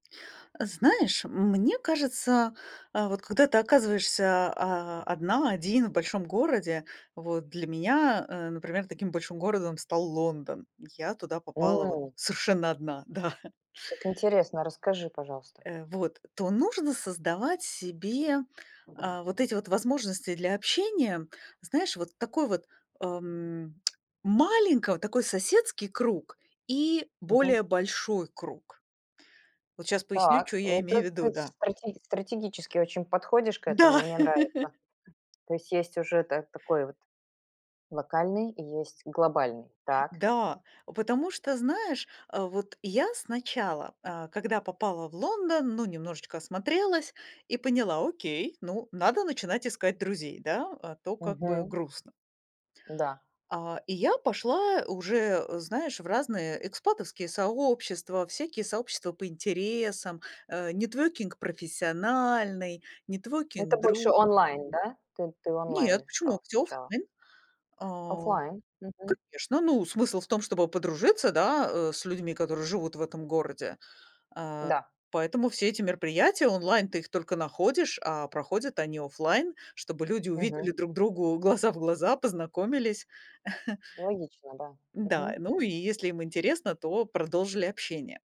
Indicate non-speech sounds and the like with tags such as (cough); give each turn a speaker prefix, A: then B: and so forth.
A: Знаешь, мне кажется, а вот когда ты оказываешься, а, одна, один в большом городе, вот для меня, э, например, таким большим городом стал Лондон. Я туда попала вот
B: М.
A: совершенно 1 да.
B: Как интересно, а расскажи, пожалуйста.
A: Э, вот, то нужно создавать себе, а, вот эти вот возможности для общения. Знаешь, вот такой вот, ам, маленького, такой соседский круг и
B: Мгм.
A: более большой круг. Вот щас поясню,
B: Так.
A: чё, я
B: Вот
A: имею в
B: это
A: виду,
B: ты
A: да.
B: стратеги стратегически очень подходишь к этому,
A: Да.
B: мне нравится.
A: (laughs)
B: То есть есть уже та такой вот локальный и есть глобальный. Так.
A: Да. О потому что, знаешь, а вот я сначала, а, когда попала в Лондон, ну немножечко осмотрелась и поняла: "Окей, ну, надо начинать искать друзей, да, а то как бы
B: Мгм.
A: грустно".
B: Н-да.
A: А, и я пошла уже, э, знаешь, в разные экспатовские сообщества, всякие сообщества по интересам. А, networking профессиональный, networking
B: Это больше
A: дру ж
B: онлайн, да? Ты ты
A: кий
B: онлайн
A: Нет, почему?
B: искала
A: Всё
B: сначала.
A: оффлайн. А,
B: Офлайн. Мгм.
A: конечно, ну, смысл в том, чтобы подружиться, да, э, с людьми, которые живут в этом городе. А
B: Да.
A: поэтому все эти мероприятия онлайн ты их только находишь, а проходят они офлайн, чтобы люди увидели
B: Мгм.
A: друг другу глаза в глаза, познакомились. (chuckles)
B: Логично, да.
A: Н-да,
B: Мгм.
A: ну, и если им интересно, то продолжили общение.